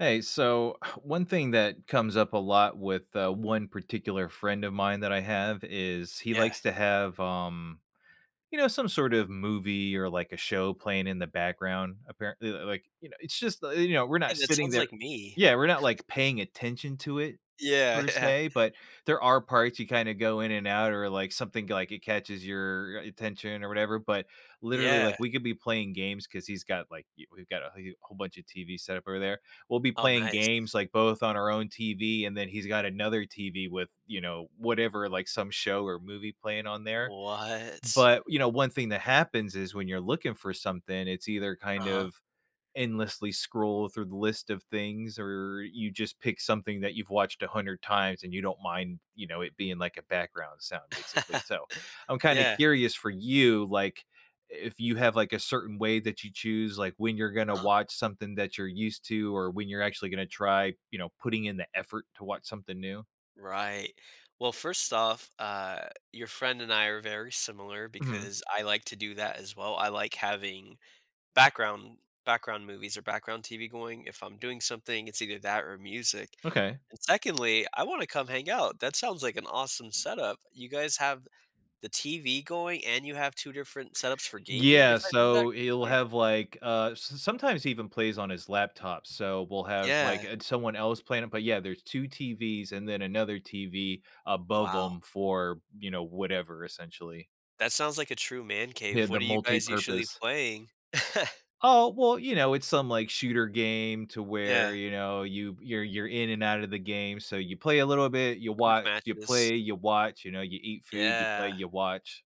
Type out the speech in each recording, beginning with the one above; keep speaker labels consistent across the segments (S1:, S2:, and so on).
S1: Hey, so, one thing that comes up a lot with, uh, one particular friend of mine that I have is he
S2: Yeah.
S1: likes to have, um, you know some sort of movie or like, a show playing in the background. Apparently like, you know it's just, you know, we're not
S2: And that
S1: sitting
S2: sounds
S1: there
S2: like me.
S1: Yeah, we're not, like, paying attention to it
S2: Yeah,
S1: per
S2: yeah.
S1: se, but there are parts you kinda go in and out or, something like it catches your attention or whatever. But literally, like,
S2: Yeah.
S1: we could be playing games 'cause he's got, like w we've got a wh uh whole bunch of TV set up over there. We'll be
S2: Oh,
S1: playing
S2: nice.
S1: games, like, both on our own TV, and then he's got another TV with, you know, whatever, like, some show or movie playing on there.
S2: What?
S1: But, you know, one thing that happens is when you're looking for something, it's either kind
S2: Uh-huh.
S1: of endlessly scroll through the list of things or you just pick something that you've watched a hundred times and you don't mind, you know, it being like a background sound basically. So, I'm kinda
S2: Yeah.
S1: curious for you, like, if you have, like, a certain way that you choose, like, when you're gonna
S2: Uh-huh.
S1: watch something that you're used to or when you're actually gonna try, you know, putting in the effort to watch something new.
S2: Right. Well, first off, uh, your friend and I are very similar
S1: Mhm.
S2: because I like to do that as well, I like having background background movies, or background TV going, if I'm doing something, it's either that or music.
S1: Okay.
S2: And secondly, I wanna come hang out, that sounds like an awesome setup. You guys have the TV going, and you have 2 different setups for gaming,
S1: Yeah,
S2: if I heard that
S1: so, he'll
S2: correctly.
S1: have, like, uh, s sometimes he even plays on his laptop. So, we'll have, like,
S2: Yeah.
S1: uh, someone else playing it, but, yeah, there's 2 TVs, and then another TV above
S2: Wow.
S1: 'em for, you know, whatever, essentially.
S2: That sounds like a true man
S1: Yeah,
S2: cave.
S1: the
S2: What are you guys usually
S1: multipurpose.
S2: playing?
S1: Oh, well, you know, it's some, like, shooter game to where,
S2: Yeah.
S1: you know, you you're you're in and outta the game, so you play a little bit, you
S2: Quick
S1: watch, you
S2: matches.
S1: play, you watch, you know, you eat food, you play,
S2: Yeah.
S1: you watch.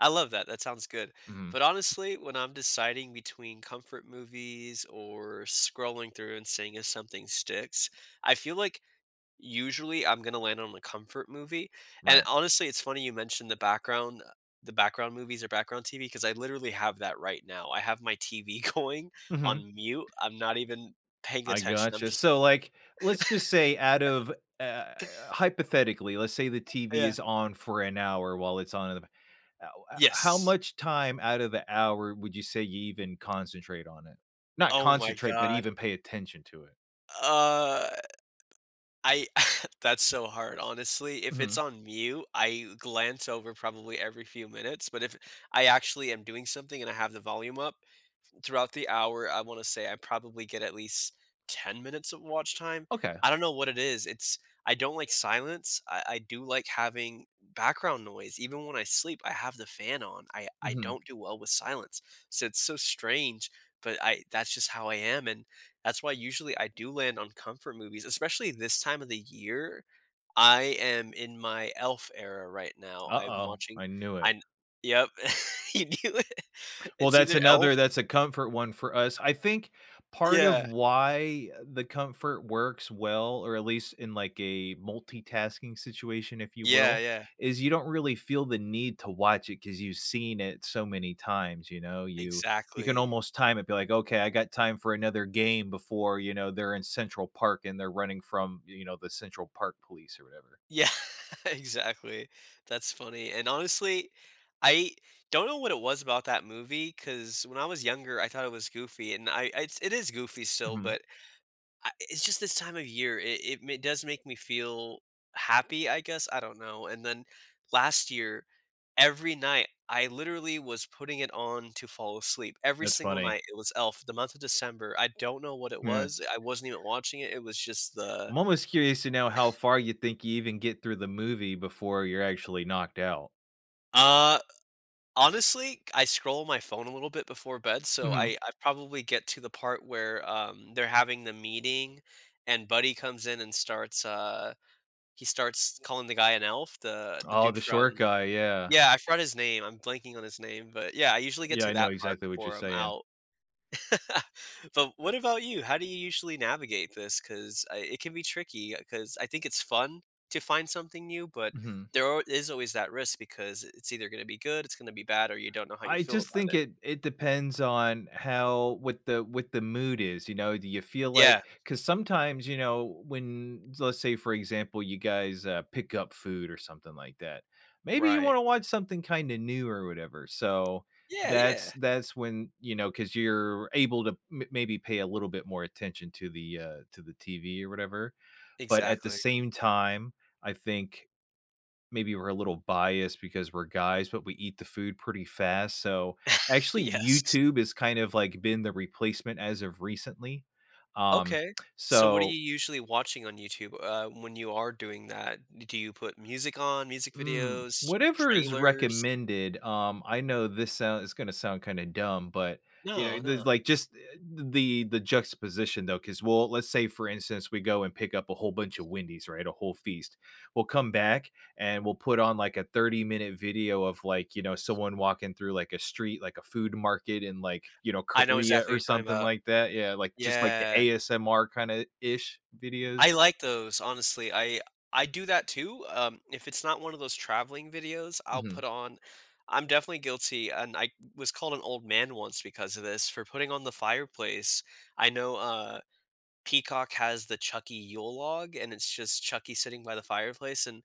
S2: I love that, that sounds good.
S1: Mhm.
S2: But, honestly, when I'm deciding between comfort movies or scrolling through and seeing if something sticks, I feel like, usually, I'm gonna land on a comfort movie.
S1: Right.
S2: And, honestly, it's funny you mentioned the background, uh the background movies or background TV, 'cause I literally have that right now. I have my TV going
S1: Mhm.
S2: on mute, I'm not even paying
S1: I
S2: attention, I'm
S1: gotcha,
S2: just
S1: so, like, let's just say out of, uh Hypothetically, let's say the TV
S2: Yeah.
S1: is on for an hour while it's on in the ba ah oh ah How
S2: Yes.
S1: much time out of the hour would you say you even concentrate on it? Not
S2: Oh my
S1: concentrate, but
S2: god.
S1: even pay attention to it?
S2: Uh, I that's so hard, honestly. If it's
S1: Mhm.
S2: on mute, I glance over probably every few minutes, but if I actually am doing something and I have the volume up, throughout the hour, I wanna say I probably get at least 10 minutes of watch time.
S1: Okay.
S2: I don't know what it is, it's I don't like silence. I I do like having background noise. Even when I sleep, I have the fan on. I I
S1: Mhm.
S2: don't do well with silence. So, it's so strange, but I that's just how I am, and that's why usually I do land on comfort movies, especially in this time of the year. I am in my Elf era right now. I'm
S1: Uh-oh,
S2: watching,
S1: I knew it.
S2: I'm Yep. You knew it.
S1: Well,
S2: It's
S1: that's
S2: either
S1: another
S2: Elf
S1: that's a comfort one for us. I think part of
S2: Yeah.
S1: why the comfort works well, or at least in like a multitasking situation, if you
S2: Yeah,
S1: will,
S2: yeah.
S1: is you don't really feel the need to watch it 'cause you've seen it so many times, you know? You you can
S2: Exactly.
S1: almost time it, be like, "Okay, I got time for another game before, you know, they're in Central Park, and they're running from, you know, the Central Park Police," or whatever.
S2: Yeah, exactly. That's funny. And, honestly, I don't know what it was about that movie, 'cause when I was younger, I thought it was goofy, and I it's it is goofy still,
S1: Mhm.
S2: but a it's just this time of year. It it m does make me feel happy, I guess. I don't know. And then last year, every night, I literally was putting it on to fall asleep. Every
S1: That's
S2: single
S1: funny.
S2: night, it was Elf. The month of December, I don't know what it
S1: Yeah.
S2: was, I wasn't even watching it, it was just the
S1: I'm almost curious to know how far you think you even get through the movie before you're actually knocked out.
S2: Uh, honestly, c I scroll my phone a little bit before bed, so
S1: Mhm.
S2: I I probably get to the part where, um, they're having the meeting, and Buddy comes in and starts, uh he starts calling the guy an elf, the the
S1: Oh,
S2: dude
S1: the
S2: from
S1: short guy, yeah.
S2: Yeah, I forgot his name. I'm blanking on his name. But, yeah, I usually get
S1: Yeah,
S2: to
S1: I know
S2: that part
S1: exactly what you're
S2: before I'm
S1: saying.
S2: out. But what about you? How do you usually navigate this, 'cause I it can be tricky 'cause I think it's fun to find something new, but
S1: Mhm.
S2: there ar is always that risk because it's either gonna be good, it's gonna be bad, or you don't know how you
S1: I
S2: feel
S1: just
S2: about
S1: think
S2: it.
S1: it it depends on how what the what the mood is, you know? Do you feel like
S2: Yeah.
S1: 'cause sometimes, you know, when let's say for example, you guys, uh, pick up food, or something like that, maybe you
S2: Right.
S1: wanna watch something kinda new, or whatever. So,
S2: Yeah,
S1: that's
S2: yeah.
S1: that's when, you know 'cause you're able to m maybe pay a little bit more attention to the, uh to the TV, or whatever. But at the
S2: Exactly.
S1: same time, I think maybe we're a little biased because we're guys, but we eat the food pretty fast. So, actually,
S2: Yes.
S1: YouTube is kind of, like, been the replacement as of recently. Um,
S2: Okay, so what are you
S1: so
S2: usually watching on YouTube, uh, when you are doing that? Do you put music on, music
S1: Mm,
S2: videos,
S1: whatever is
S2: trailers?
S1: recommended. Um, I know this sound is gonna sound kinda dumb, but, you know,
S2: No, no.
S1: there's like, just eh the the juxtaposition though, 'cause we'll let's say, for instance, we go and pick up a whole bunch of Wendy's, right, a whole feast. We'll come back, and we'll put on, like, a thirty-minute video of, like, you know, someone walking through, like, a street, like a food market in, like, you know,
S2: I know
S1: Korea,
S2: exactly
S1: or
S2: what you're talking
S1: something
S2: 'bout.
S1: like that. Yeah, like, just like the
S2: Yeah.
S1: ASMR, kinda-ish videos.
S2: I like those, honestly. I I do that, too, um, if it's not one of those traveling videos, I'll
S1: Mhm.
S2: put on I'm definitely guilty, and I was called an old man once because of this, for putting on the fireplace. I know, uh, Peacock has the Chucky Yule Log, and it's just Chucky sitting by the fireplace, and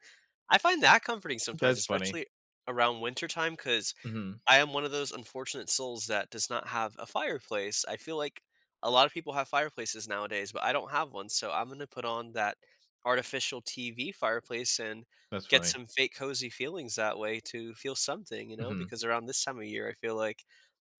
S2: I find that comforting sometimes,
S1: That's funny.
S2: especially around wintertime, 'cause
S1: Mhm.
S2: I am one of those unfortunate souls that does not have a fireplace. I feel like a lot of people have fireplaces nowadays, but I don't have one, so I'm gonna put on that artificial, TV fireplace and
S1: That's
S2: get
S1: funny.
S2: some fake cozy feelings that way, to feel something, you know?
S1: Mhm.
S2: Because around this time of year, I feel like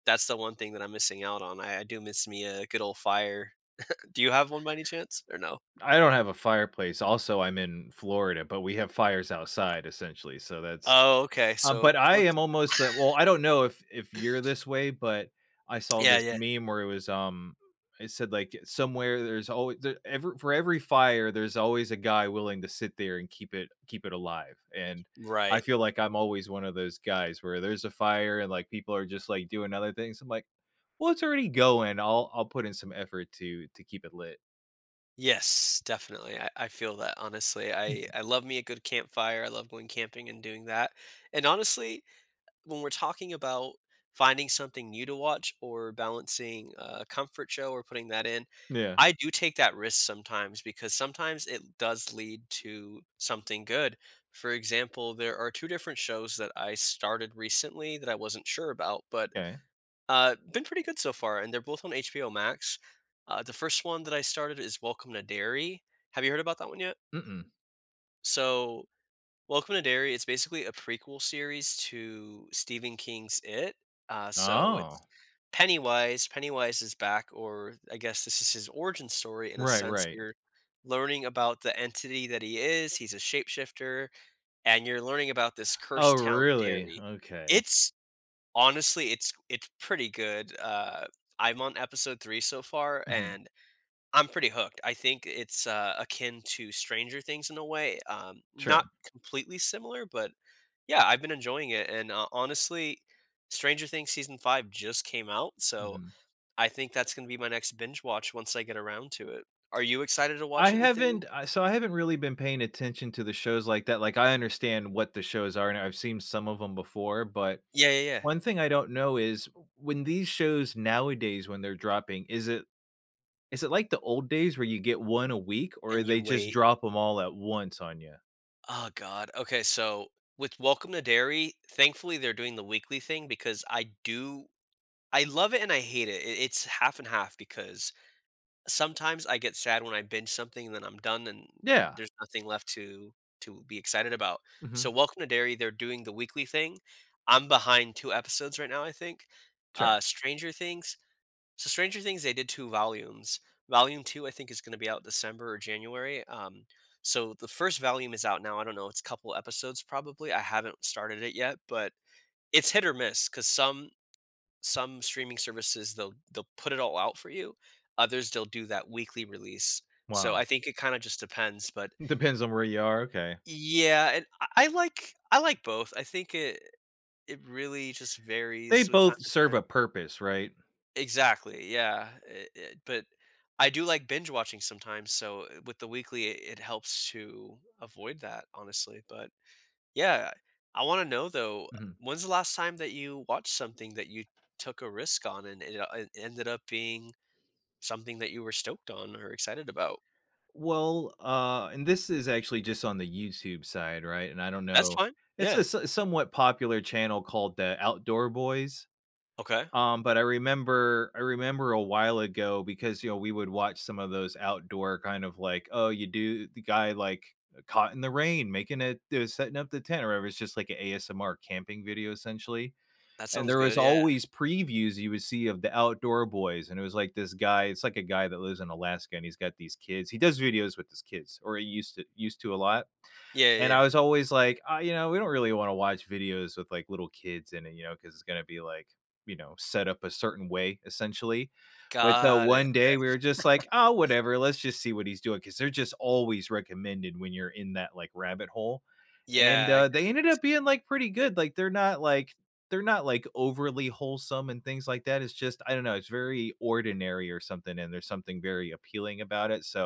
S2: that's the one thing that I'm missing out on. I I do miss me a good ole fire. Do you have one by any chance, or no?
S1: I don't have a fireplace, also, I'm in Florida, but we have fires outside, essentially. So, that's
S2: Oh, okay.
S1: Um,
S2: So,
S1: but I
S2: close.
S1: am almost well, I don't know if if you're this way, but I saw
S2: Yeah,
S1: this
S2: yeah.
S1: meme where it was, um, it said, like, "Somewhere there's alway the ever for every fire, there's always a guy willing to sit there and keep it keep it alive," and, I
S2: Right.
S1: feel like I'm always one of those guys where, there's a fire and, like, people are just, like, doing other things. I'm like, "Well, it's already going, I'll I'll put in some effort to to keep it lit."
S2: Yes, definitely, I I feel that, honestly, I I love me a good campfire, I love going camping and doing that. And honestly, when we're talking about finding something new to watch, or balancing a comfort show, or putting that in,
S1: Yeah.
S2: I do take that risk sometimes because sometimes it does lead to something good. For example, there are 2 different shows that I started recently that I wasn't sure about, but,
S1: Kay.
S2: uh, been pretty good so far, and they're both on HBO Max. Uh, the first one that I started is Welcome to Derry, have you heard about that one yet?
S1: Mm-mm.
S2: So, Welcome to Derry it's basically a prequel series to Stephen King's IT, uh, so it's
S1: Oh.
S2: Pennywise Pennywise is back, or I guess this is his origin story, in a
S1: Right,
S2: sense,
S1: right.
S2: you're learning about the entity that he is, he's a shapeshifter, and you're learning about this
S1: Oh
S2: cursed town
S1: really,
S2: Derry.
S1: okay.
S2: It's, honestly, it's it pretty good, uh, I'm on episode 3 so far,
S1: Mhm.
S2: and I'm pretty hooked. I think it's, uh, akin to Stranger Things in a way, um, not
S1: Sure.
S2: completely similar, but, yeah, I've been enjoying it, and, uh, honestly, Stranger Things season 5 just came out, so
S1: Mhm.
S2: I think that's gonna be my next binge watch once I get around to it. Are you excited to
S1: I
S2: watch anything?
S1: haven't, I so I haven't really been paying attention to the shows like that, like I understand what the shows are, and I've seen some of 'em before, but
S2: Yeah, yeah, yeah.
S1: one thing I don't know is, when these shows nowadays, when they're dropping, is it is it like the old days where you get 1 a week, or
S2: And you
S1: they just
S2: wait.
S1: drop 'em all at once on ya?
S2: Ah, god. Okay, so, with Welcome to Derry, thankfully, they’re doing the weekly thing because I do I love it and I hate it, i it’s half and half because sometimes I get sad when I binge something and then I’m done and
S1: Yeah.
S2: there’s nothing left to to be excited about. So,
S1: Mhm.
S2: Welcome to Derry, they’re doing the weekly thing. I’m behind 2 episodes right now, I think.
S1: Sure.
S2: Uh, Stranger Things. So Stranger Things, they did 2 volumes. Volume 2, I think, is gonna be out December or January, um, so the 1st volume is out now, I don’t know, it’s couple episodes probably. I haven’t started it yet, but it’s hit or miss 'cause some some streaming services, they’ll they’ll put it all out for you. Others, they’ll do that weekly release. So,
S1: Wow.
S2: I think it kinda just depends, but
S1: Depends on where you are? Okay.
S2: Yeah, and I I like I like both. I think it it really just
S1: They
S2: varies with time
S1: both
S2: to
S1: serve a
S2: time.
S1: purpose, right?
S2: Exactly, yeah. It it but I do like binge watching sometimes, so with the weekly, it it helps to avoid that, honestly. But, yeah, I wanna know, though, uh,
S1: Mhm.
S2: when’s the last time that you watched something that you took a risk on and it, uh, ended up being something that you were stoked on or excited about?
S1: Well, ah and this is actually just on the YouTube side, right? And I don’t
S2: That's
S1: know
S2: fine.
S1: it's a
S2: Yeah.
S1: s somewhat popular channel called the Outdoor Boys.
S2: Okay.
S1: Um, but I remember I remember a while ago, because, you know, we would watch some of those outdoor kind of like, oh, you do the guy, like, eh, caught in the rain, making it the setting up the tent, or whatever, it’s just like a ASMR camping video essentially.
S2: That
S1: And
S2: sounds
S1: there was
S2: good, yeah.
S1: always previews you would see of the Outdoor Boy and it was like this guy it’s like a guy that lives in Alaska, and he’s got these kids, he does videos with his kids, or he used to used to a lot.
S2: Yeah, yeah,
S1: And I
S2: yeah.
S1: was always like, "Ah," you know, "we don’t really wanna watch videos with, like, little kids in it," you know, 'cause it’s gonna be, like, you know, set up a certain way essentially. But, uh,
S2: Got it,
S1: one day,
S2: okay.
S1: we were just like, "Oh, whatever, let’s just see what he’s doing," 'cause they’re just always recommended when you’re in that, like, rabbit hole. And,
S2: Yeah,
S1: uh, they
S2: [unintelligible]
S1: ended up
S2: YouTube.
S1: being, like, pretty good, like, they’re not, like they’re not, like, overly wholesome, and things like that. It’s just I don’t know, it’s very ordinary or something, and there’s something very appealing about it, so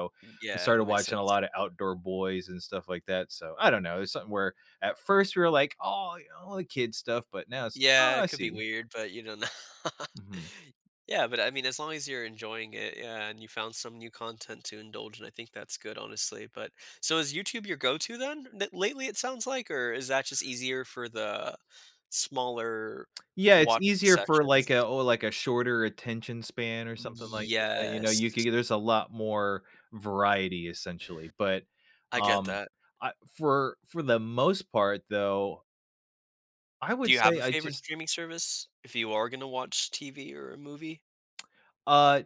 S1: I
S2: Yeah,
S1: started
S2: that makes
S1: watching a
S2: sense.
S1: lotta Outdoor Boys and stuff like that, so, I don’t know, it’s something where at first, we were like, "Only kid stuff," but now it’s, "Oh,
S2: Yeah, it
S1: I
S2: could be
S1: see."
S2: weird, but, you know, n
S1: Mhm.
S2: Yeah, but, I mean, as long as you’re enjoying it, yeah, and you found some new content to indulge in, I think that’s good, honestly. But so is YouTube your go-to then? N lately, it sounds like, or is that just easier for the smaller
S1: Yeah, it’s
S2: wa
S1: easier for, like, a
S2: sessions?
S1: or, like, a shorter attention span or something like that, you know, you could
S2: Yes.
S1: get there’s a lot more variety, essentially. But,
S2: I get
S1: um,
S2: that.
S1: I for for the most part, though I
S2: Do
S1: would
S2: you have a
S1: say I
S2: favorite
S1: just
S2: streaming service, if you are gonna watch TV or a movie?
S1: Uh,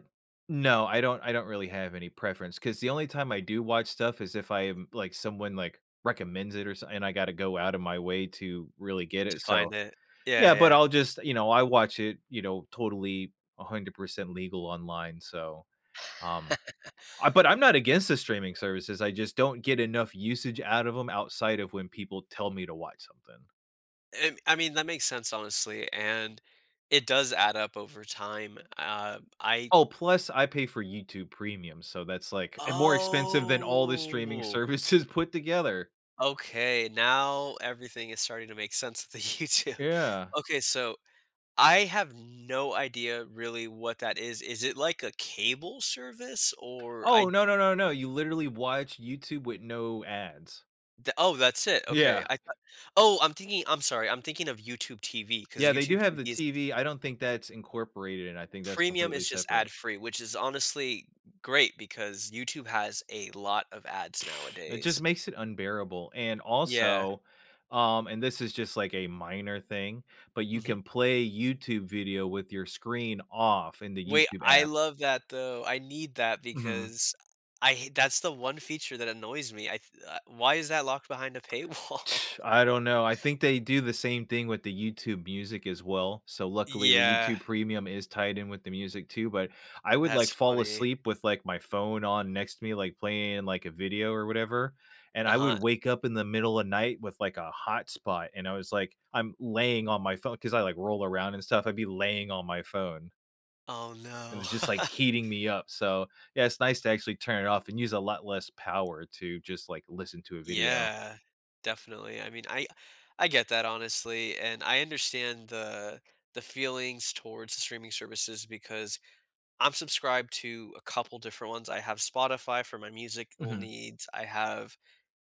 S1: no, I don’t I don’t really have any preference, 'cause the only time I do watch stuff is if I am like, someone, like, recommends it, or so and I gotta go outta my way to really get
S2: To
S1: it,
S2: find
S1: so
S2: it. Yeah,
S1: Yeah, but
S2: yeah.
S1: I’ll just you know, I watch it, you know, totally 100% legal online, so Um, uh, but I’m not against the streaming services, I just don’t get enough usage out of 'em, outside of when people tell me to watch something.
S2: And, I mean, that makes sense, honestly, and, it does add up over time. Um, I
S1: Oh, plus I pay for YouTube Premium, so that's, like, eh, more expensive than all the streaming
S2: Oh!
S1: services put together.
S2: Okay, now everything is starting to make sense to YouTube.
S1: Yeah.
S2: Okay, so, I have no idea really what that is, is it like a cable service? Or
S1: Oh,
S2: I
S1: no, no, no, no, you literally watch YouTube with no ads.
S2: The oh, that's it, okay.
S1: Yeah.
S2: I thought Oh, I'm thinking I'm sorry, I'm thinking of YouTube TV, 'cause
S1: Yeah, they
S2: YouTube
S1: do have
S2: TV
S1: the
S2: is it
S1: TV, I don't think that's incorporated, and I think that's
S2: Premium
S1: completely
S2: is just
S1: separate.
S2: ad free, which is honestly great because YouTube has a lot of ads
S1: It just
S2: nowadays.
S1: makes it unbearable, and,
S2: Yeah.
S1: also, um, and this is just, like, a minor thing, but you
S2: Mhm.
S1: can play YouTube video with your screen off in the
S2: Wait,
S1: YouTube
S2: I
S1: app.
S2: love that, though. I need that
S1: Mhm.
S2: because I I hate that's the one feature that annoys me. I th uh, why is that locked behind a paywall?
S1: I don't know, I think they do the same thing with the YouTube Music as well. So luckily, the
S2: Yeah.
S1: YouTube Pemium is tied in with the music too. But, I would, like,
S2: That's
S1: fall
S2: funny.
S1: asleep with, like, my phone on next to me, like, playing, like, a video or whatever. And I would
S2: Uh-huh.
S1: wake up in the middle of night with, like, a hot spot, and I was, like, I'm laying on my phone, 'cause I, like, roll around and stuff, I'd be laying on my phone.
S2: Oh,
S1: And
S2: no.
S1: it was just, like, heating me up. So, yeah, it's nice to actually turn it off, and use a lot less power to just, like, listen to a video.
S2: Yeah. Definitely. I mean, I I get that honestly, and I understand the the feelings towards streaming services because I'm subscribed to a couple different ones. I have Spotify, for my musical
S1: Mhm.
S2: needs. I have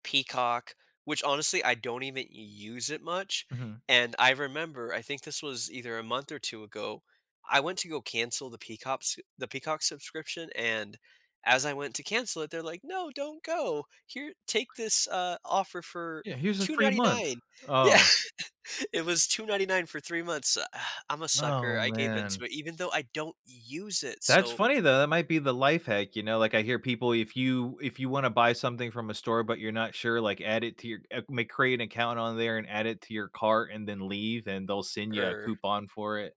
S2: Peacock, which honestly, I don't even use it much,
S1: Mhm.
S2: and I remember- I think this was either a month or 2 ago- I went to go cancel the Peacops the Peacock subscription, and as I went to cancel it, they're like, "No, don't go. Here, take this," uh, "offer for
S1: Yeah, "Here's a
S2: two
S1: free month.
S2: ninty-nine." Yeah.
S1: Oh."
S2: It was 2.99 for 3 months. I'm a
S1: Oh,
S2: sucker. I gave
S1: man.
S2: into it, even though I don't use it.
S1: That's
S2: So
S1: funny, though. That might be the life hack, you know? Like, I hear people, if you if you wanna buy something from a store, but you're not sure, like, add it to your, uh, ma create an account on there, and add it to your cart, and then leave, and they'll send you a
S2: Er.
S1: coupon for it.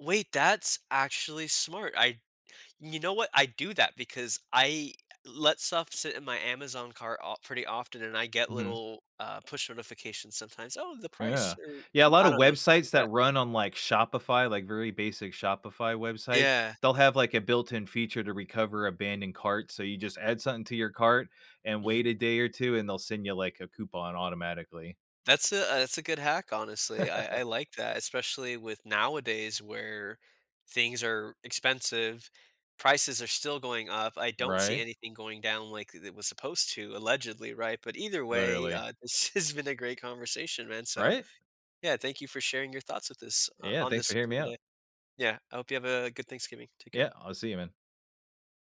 S2: Wait, that's actually smart. I you know what, I do that because I let stuff sit in my Amazon cart of pretty often, and I get
S1: Mhm.
S2: little, uh, push notifications sometimes. "Oh, the price,"
S1: Yeah.
S2: or
S1: Yeah, a
S2: "cou"
S1: lot
S2: I
S1: of
S2: don't know, stuff
S1: websites
S2: like
S1: that
S2: that.
S1: run on, like, Shopify, like, very basic Shopify websites,
S2: Yeah.
S1: they'll have, like, a built in feature to recover abandoned carts. So you just add something to your cart, and wait
S2: Mhm.
S1: a day or 2, and they'll send you, like, a coupon automatically.
S2: That's a uh, that's a good hack, honestly. I I like that, especially with nowadays where things are expensive, prices are still going up. I don't see
S1: Right?
S2: anything going down like it was supposed to, allegedly, right? But either way,
S1: Literally.
S2: uh, this has been a great conversation, man. So,
S1: Right?
S2: yeah, thank you for sharing your thoughts with this uh,
S1: Yeah,
S2: on
S1: thanks
S2: this
S1: for
S2: with
S1: hearing
S2: me
S1: me out.
S2: today. Yeah, I hope you have a good Thanksgiving. Take
S1: Yeah,
S2: care.
S1: I'll see you, man.